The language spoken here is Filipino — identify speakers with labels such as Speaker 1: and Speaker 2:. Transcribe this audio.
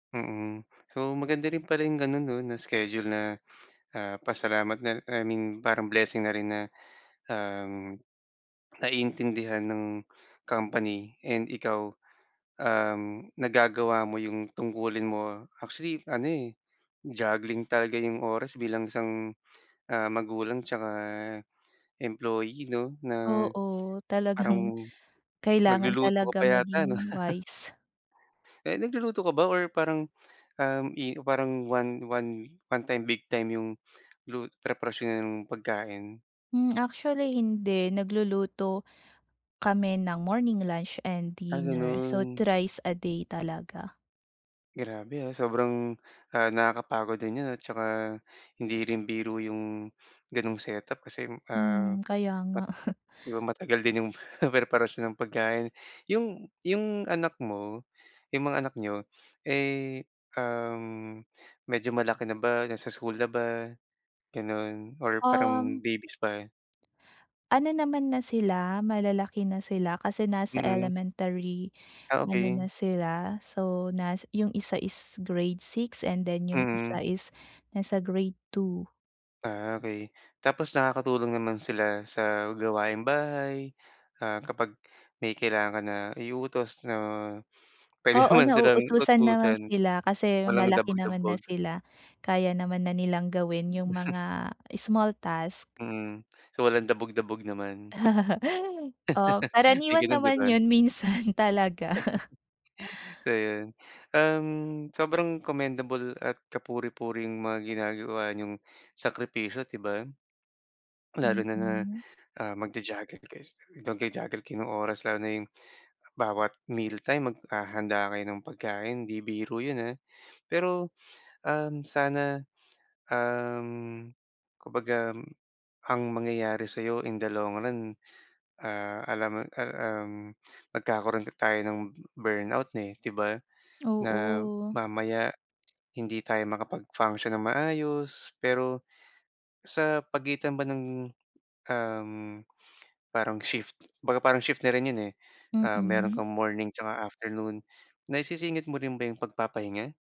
Speaker 1: Mm, so maganda rin pala 'yong gano'n 'no na schedule na, ah, pasalamat nala I mean parang blessing na rin na uhm, naiintindihan ng company and ikaw uhm, nagagawa mo yung tungkulin mo. Actually, ano eh, juggling talaga 'yong oras bilang isang, ah, magulang tsaka employee 'no, na
Speaker 2: Oo, talagang
Speaker 1: parang
Speaker 2: kailangan
Speaker 1: nagluluto ka
Speaker 2: talaga
Speaker 1: pa yata, 'no?
Speaker 2: maging wise.
Speaker 1: Eh, nagluluto ka ba or parang um, i parang one one one-time big time yung lu preparasyon niyo nung pagkain?
Speaker 2: Hmm, actually hindi. Nagluluto kami ng morning, lunch, and
Speaker 1: Ah,
Speaker 2: dinner so,
Speaker 1: ganun.
Speaker 2: thrice a day, talaga.
Speaker 1: Grabe oh. Sobrang, ah, nakakapagod din 'yon ah, at tsaka hindi rin biro yung ganung setup kasi, ah,
Speaker 2: Hmm, kaya nga.
Speaker 1: mat 'di ba matagal din 'yong preparasyon ng pagkain. Yung yung anak mo, 'yong mga anak niyo, eh, uhm, medyo malaki na ba, nasa school na ba, ganun or parang
Speaker 2: Uhm.
Speaker 1: babies pa?
Speaker 2: Ano naman na sila, malalaki na sila. Kasi nasa
Speaker 1: Mm.
Speaker 2: elementary
Speaker 1: Ah,
Speaker 2: ano
Speaker 1: okey.
Speaker 2: na sila, so nas yung isa is grade 6 and then yung
Speaker 1: Mm.
Speaker 2: isa is nasa grade 2.
Speaker 1: Ah, okey. Tapos nakakatulong naman sila sa gawaing bahay, ah, kapag may kailangan ka na i-utos na puwede
Speaker 2: Oo.
Speaker 1: naman silang
Speaker 2: Nauutusan naman
Speaker 1: utusan,
Speaker 2: sila, kasi
Speaker 1: walang
Speaker 2: malaki naman
Speaker 1: dabog-dabog?
Speaker 2: na sila. Kaya naman na nilang gawin yung mga small task.
Speaker 1: Mm. So walang dabog-dabog naman?
Speaker 2: Oh
Speaker 1: May
Speaker 2: karaniwan
Speaker 1: ganun 'di
Speaker 2: naman
Speaker 1: ba?
Speaker 2: yun minsan talaga.
Speaker 1: So 'yon. Uhm, sobrang commendable at kapuri-puring mga ginagawa niyong sakripisyo, di ba? Lalo na na,
Speaker 2: Mm.
Speaker 1: ah, magja-juggle kayo sa magja-juggle kayo ng oras, lalo na yung bawat mealtime maghahanda kayo ng pagkain 'di biro yun, ah. Pero uhm, sana uhm, kapagka ang mangyayari sa'yo in the long run ah, alam mo ah, uhm, magkakaroon tayo ng burnout eh, di ba? Na
Speaker 2: Oo.
Speaker 1: mamaya hindi tayo makapag-function ng maayos pero, sa pagitan ba ng uhm, parang shift kumbaga parang shift na rin 'yon, eh. Ah, meron
Speaker 2: Mm.
Speaker 1: kang morning tsaka afternoon, naisisingit mo rin ba 'yong pagpapahinga?